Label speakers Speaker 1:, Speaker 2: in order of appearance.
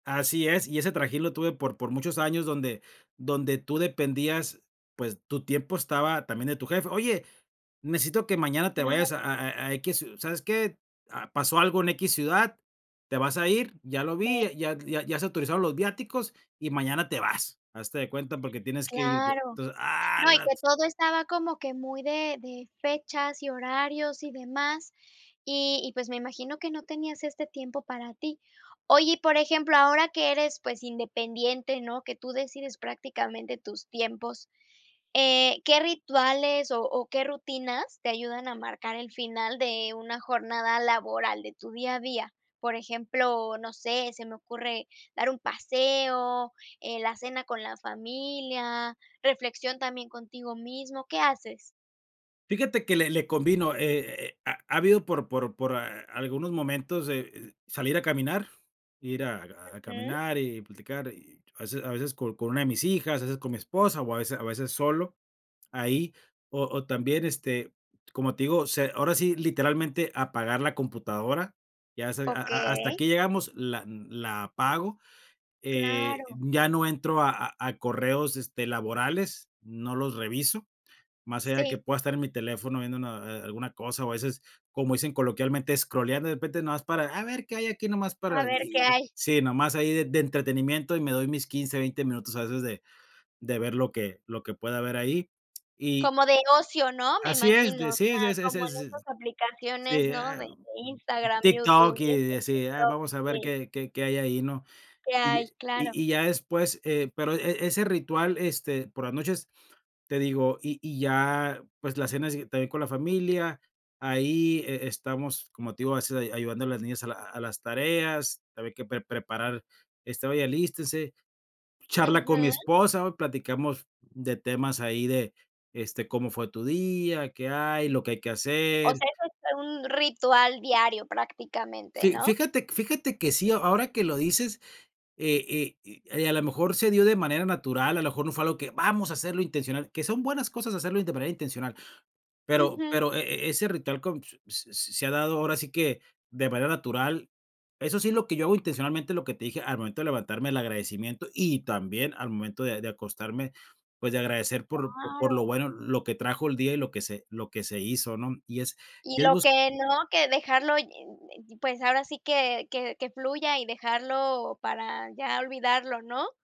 Speaker 1: Así es, y ese trajín lo tuve por por muchos años donde donde tú dependías, pues, tu tiempo estaba también de tu jefe: “Oye, necesito que mañana te vayas a
Speaker 2: Claro.
Speaker 1: a a a equis. ¿Sabes qué? Ah, pasó algo en equis ciudad. Te vas a ir, ya lo
Speaker 2: Me
Speaker 1: vi, ya ya ya se autorizaron los viáticos y mañana te vas. Hazte de cuenta, porque tienes que irte".
Speaker 2: Claro.
Speaker 1: Entonces, ¡ah,
Speaker 2: No, y
Speaker 1: la
Speaker 2: que
Speaker 1: t
Speaker 2: todo estaba como que muy de de fechas y horarios y demás, y y, pues, me imagino que no tenías este tiempo para ti. Oye, y por ejemplo, ahora que eres, pues, independiente, ¿no?, que tú decides prácticamente tus tiempos, eh, ¿qué rituales o o qué rutinas te ayudan a marcar el final de una jornada laboral de tu día a día? Por ejemplo, no sé, se me ocurre dar un paseo, eh, la cena con la familia, reflexión también contigo mismo, ¿qué haces?
Speaker 1: Fíjate que le le convino, e e eh, ha ha habido por por por a algunos momentos, e eh, salir a caminar, ir a a
Speaker 2: Ujú.
Speaker 1: caminar y platicar y, a veces a veces, con con una de mis hijas, a veces con mi esposa o a veces a veces solo, ahí, o o también, este, como te digo, se ahora sí, literalmente apagar la computadora. Ya se a a a hasta
Speaker 2: Okey.
Speaker 1: aquí llegamos, la n la apago, eh,
Speaker 2: Claro.
Speaker 1: ya no entro a a a correos, este, laborales, no los reviso, más allá de que
Speaker 2: Sí.
Speaker 1: pueda estar en mi teléfono viendo una a a alguna cosa o, a veces, como dicen coloquialmente, scrolleando, de repente, nada más para, a ver qué hay aquí nomás, para
Speaker 2: A ver qué
Speaker 1: y,
Speaker 2: hay.
Speaker 1: sí, nomás ahí de de entretenimiento y me doy mis 15 20 minutos, a veces, de de ver lo que lo que pueda ver ahí. Y
Speaker 2: Como de ocio, ¿no?, me
Speaker 1: Así es,
Speaker 2: imagino,
Speaker 1: de
Speaker 2: o
Speaker 1: sí, ese
Speaker 2: sea,
Speaker 1: ese
Speaker 2: como
Speaker 1: ese es
Speaker 2: en
Speaker 1: s,
Speaker 2: esas
Speaker 1: sí,
Speaker 2: aplicaciones,
Speaker 1: eh,
Speaker 2: ¿no?,
Speaker 1: ah,
Speaker 2: de
Speaker 1: um, mm mm,
Speaker 2: Instagram, YouTube
Speaker 1: TikTok
Speaker 2: y,
Speaker 1: y
Speaker 2: esas,
Speaker 1: así, ah,
Speaker 2: TikTok.
Speaker 1: vamos a ver
Speaker 2: Sí.
Speaker 1: qué qué qué hay ahí, ¿no?,
Speaker 2: Que
Speaker 1: y
Speaker 2: hay,
Speaker 1: y
Speaker 2: claro.
Speaker 1: y ya después eh, pero, e ese ritual, este, por las noches, te digo. Y y ya, pues, la cena sí, también con la familia, ahí e estamos, como te digo, a veces ahí, ayudando a las niñas a la a las tareas, también hay que pre preparar este: “Oye, alístense”, charla con mi
Speaker 2: Ujú.
Speaker 1: esposa, platicamos de temas ahí de, este: “¿Cómo fue tu día? ¿Qué hay?”, lo que hay que
Speaker 2: O
Speaker 1: hacer.
Speaker 2: sea, eso es un ritual diario prácticamente,
Speaker 1: Fí
Speaker 2: ¿no?
Speaker 1: fíjate fíjate que sí, a ahora que lo dices, eh eh eh, a lo mejor se dio de manera natural, a lo mejor no fue algo que vamos a hacerlo intencional, que son buenas cosas hacerlo in de manera intencional, pero
Speaker 2: Ujú.
Speaker 1: pero e e ese ritual con, p s s se ha dado ahora sí que de manera natural. Eso sí es lo que yo hago intencionalmente, lo que te dije al momento de levantarme, el agradecimiento y también al momento de de acostarme, pues, de agradecer por por lo
Speaker 2: Claro.
Speaker 1: bueno, lo que trajo el día y lo que se lo que se hizo, ¿no? Y es
Speaker 2: Y
Speaker 1: y es
Speaker 2: lo
Speaker 1: bus
Speaker 2: que no, que dejarlo, y y y pues, ahora sí que que que fluya y dejarlo para ya olvidarlo, ¿no?